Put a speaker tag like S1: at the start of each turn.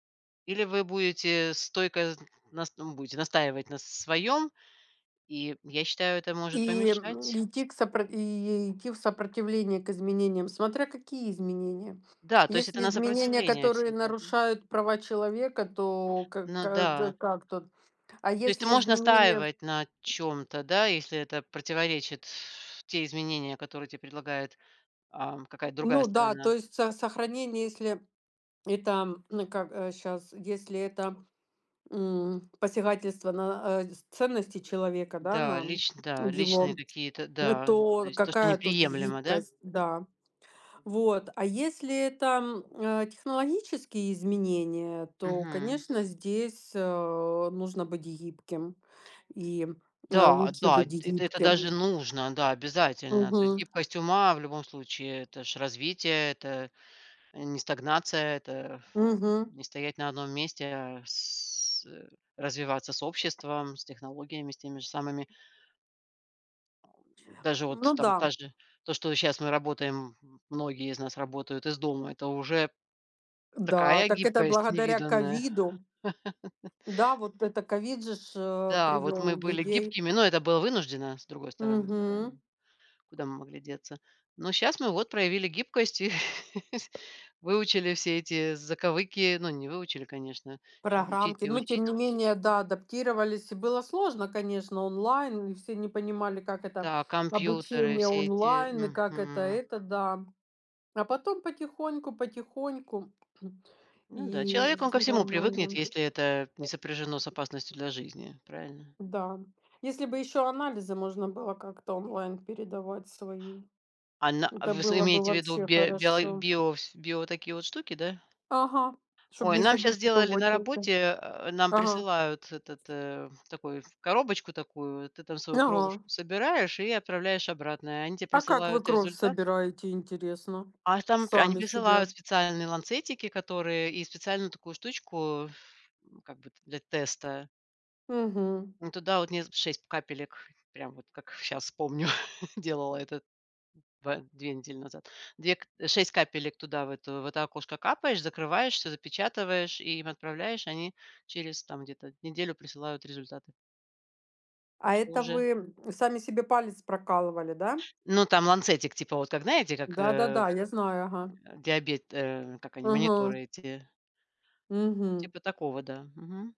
S1: Или вы будете стойко зн нас там, будете настаивать на с своём. И я считаю, это может
S2: И, м,
S1: помешать.
S2: идти к сопро и идти в сопротивление к изменениям. Смотря какие изменения.
S1: Да, то есть это
S2: Если
S1: на
S2: изменения,
S1: сопротивление
S2: которые
S1: всегда, да?
S2: нарушают права человека, то ка
S1: Ну
S2: как, з э,
S1: да.
S2: как тут? А
S1: То есть ты
S2: если
S1: можешь
S2: изменения
S1: настаивать на чём-то, да? Если это противоречит те изменения, которые те предлагает, ам, какая-то другая
S2: Ну да, то
S1: сторона.
S2: есть, со сохранение, если это, м, н э, как, э, щас, если это, м, посягательство на, э, дис ценности человека, да,
S1: Да,
S2: на
S1: лич да, личные
S2: его,
S1: какие-то,
S2: лю
S1: да.
S2: то,
S1: То
S2: р
S1: есть то, что
S2: какая тут
S1: неприемлемо, да?
S2: гибкость, да. Вот. А если это, м, э, технологические изменения, то,
S1: Мгм.
S2: конечно, здесь, э, нужно быть гибким и, м, э,
S1: Да
S2: лучше
S1: да.
S2: быть
S1: Это это
S2: гибким, э,
S1: даже нужно, да, обязательно. То есть
S2: Мгм.
S1: гибкость ума в любом случае- это ж развитие, это не стагнация, это аф
S2: Мгм.
S1: не стоять на одном месте, а с э, развиваться с обществом, с технологиями, с теми же самыми. Даже вот,
S2: Ну
S1: там, та
S2: да.
S1: же то, что щас мы работаем, м многие из нас работают из дома- это уже
S2: Да.
S1: такая
S2: Так это
S1: гибкость
S2: благодаря
S1: невиданная.
S2: ковиду. Да, вот это ковид же ж, э,
S1: Да, вот
S2: привел
S1: мы были
S2: людей.
S1: гибкими, но это было вынужденно, с другой стороны,
S2: Мгм.
S1: правильно, куда мы могли деться? Но щас мы вот проявили гибкость и сь выучили все эти заковыки. Ну, не выучили, конечно. Ещё учить
S2: Программки.
S1: и
S2: Ну, тем
S1: учить.
S2: не менее, да, адаптировались. И было сложно, конечно, онлайн. Мы все не понимали, как это-
S1: Да, компьютеры,
S2: обучение
S1: все эти,
S2: онлайн и как это
S1: мгм.
S2: это, да. А потом потихоньку потихоньку.
S1: Ну да, человек, он
S2: И и
S1: ко всему привыкнет,
S2: нормально.
S1: если это не сопряжено с опасностью для жизни. Правильно.
S2: Да. Если бы ещё анализы можно было как-то онлайн передавать свои,
S1: Ан на
S2: это
S1: вы с
S2: было бы
S1: имеете в виду
S2: вообще
S1: бе биоло
S2: хорошо.
S1: био вс био такие вот штуки, да?
S2: Ага, чтоб
S1: Ой,
S2: не
S1: нам щас
S2: ходить ещё в
S1: сделали на
S2: очереди.
S1: работе, а, нам
S2: Ага.
S1: присылают этот, э, такой коробочку такую. Ты там свою
S2: Ага.
S1: кровушку собираешь и отправляешь обратно, и они те
S2: А как вы
S1: присылают
S2: кровь
S1: результат.
S2: собираете, интересно,
S1: А там пе они
S2: сами себе?
S1: присылают специальные ланцетики, которые и специальную такую штучку, ф ну, как бы, т для теста.
S2: Мгм.
S1: Ну, туда вот не з 6 п капелек прям вот, как щас помню, делала этот ба 2 недели назад. 2 к э, 6 капелек туда в эту, в это окошко капаешь, закрываешь, всё запечатываешь и им отправляешь. Они через, там, где-то неделю присылают результаты.
S2: А
S1: Так что
S2: это вы,
S1: уже
S2: м, сами себе палец прокалывали, да?
S1: Ну, там ланцетик, типа, вот, как, знаете, как, э,
S2: Да-да-да,
S1: вс
S2: я знаю. Ага.
S1: а, диабет, э, как они,
S2: Мгм.
S1: мониторы эти. Вот
S2: Мгм.
S1: типа такого, да. Мгм.